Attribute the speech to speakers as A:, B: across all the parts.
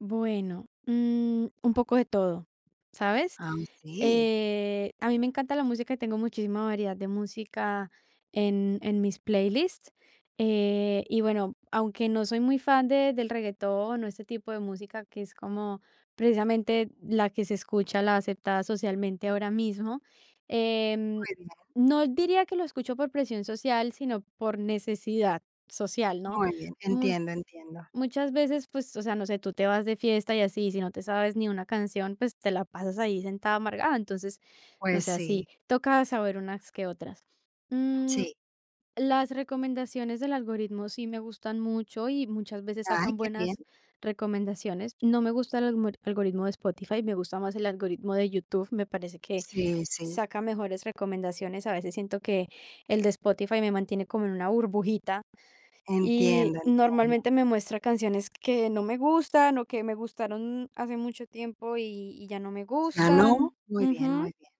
A: Bueno, mm, un poco de todo, ¿sabes?
B: Ah, okey.
A: Eh, a mí me encanta la música, tengo muchísima variedad de música en en mis playlists, eh, y bueno, aunque no soy muy fan de del reguetón o ese tipo de música, que es como precisamente la que se escucha, la aceptada socialmente ahora mismo. Em,
B: Muy bien.
A: no diría que lo escucho por presión social, sino por necesidad social, ¿no?
B: Muy bien,
A: Mut
B: entiendo, entiendo.
A: muchas veces, pues, o sea, no sé, tú te vas de fiesta y así, sí no te sabes ni una canción, pues, te la pasas ahí sentada amargada, entonces, no
B: Pues,
A: sé,
B: sí.
A: así toca saber unas que otras. Mm,
B: Sí.
A: las recomendaciones del algoritmo sí me gustan mucho, y muchas veces
B: Ay,
A: sacan
B: qué bien.
A: buenas recomendaciones. No me gusta el almorit algoritmo de Spotify, me gusta más el algoritmo de YouTube, me parece que
B: Sí, sí.
A: saca mejores recomendaciones. A veces siento que el de Spotify me mantiene como en una burbujita, y
B: Entiendo, entiendo.
A: normalmente me muestra canciones que no me gustan, o que me gustaron hace mucho tiempo y y ya no me
B: ¿Ya no?
A: gustan
B: Muy bien,
A: ujú.
B: muy bien,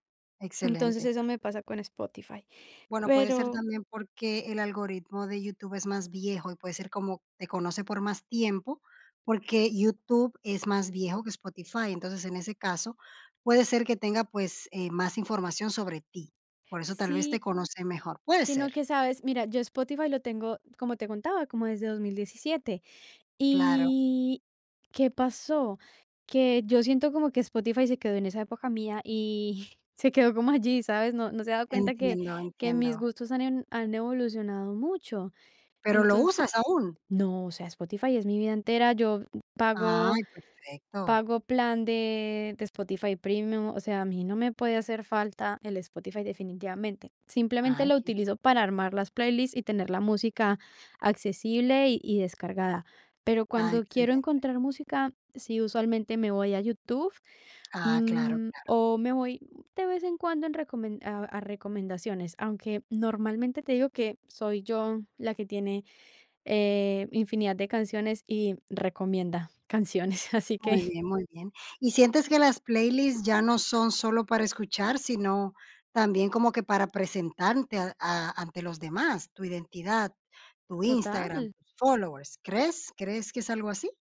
A: Entonces
B: excelente.
A: eso me pasa con Spotify.
B: Bueno, puede ser
A: Pero
B: también porque el algoritmo de YouTube es más viejo, y puede ser como te conoce por más tiempo, porque YouTube es más viejo que Spotify. Entonces, en ese caso, puede ser que tenga, pues, eh, más información sobre ti. Por eso tal vez
A: Sí.
B: te conoce mejor, puede
A: Sino
B: ser.
A: que, ¿sabes? Mira, yo Spotify lo tengo, como te contaba, como desde 2017.
B: Claro.
A: Y, ¿qué pasó? Que yo siento como que Spotify se quedó en esa época mía y, se quedó como allí, ¿sabes? No no se ha dado cuenta que
B: Entiendo,
A: que mis
B: entiendo.
A: gustos han en han evolucionado mucho.
B: Pero, ¿lo
A: Entonces
B: usas aún?
A: no, o sea, Spotify es mi vida entera, yo, mm, pago
B: Ay, perfecto.
A: pago plan de de Spotify Premium, o sea, a mí no me puede hacer falta el Spotify definitivamente, simplemente
B: Ay,
A: lo
B: que
A: utilizo para armar las playlist, y tener la música accesible y y descargada. Pero
B: Ah,
A: cuando quiero
B: excelente.
A: encontrar música, sí, usualmente me voy a YouTube,
B: Ah, claro,
A: mm,
B: claro.
A: o me voy de vez en cuando en recomen a a recomendaciones, aunque normalmente te digo que soy yo la que tiene, eh, infinidad de canciones y recomienda canciones, así
B: Muy
A: que.
B: bien, muy bien. ¿Y sientes que las playlist ya no son solo para escuchar, sino también como que para presentante a a ante los demás? Tu identidad, tu Instagram,
A: Total.
B: followers. ¿Crees crees que es algo así?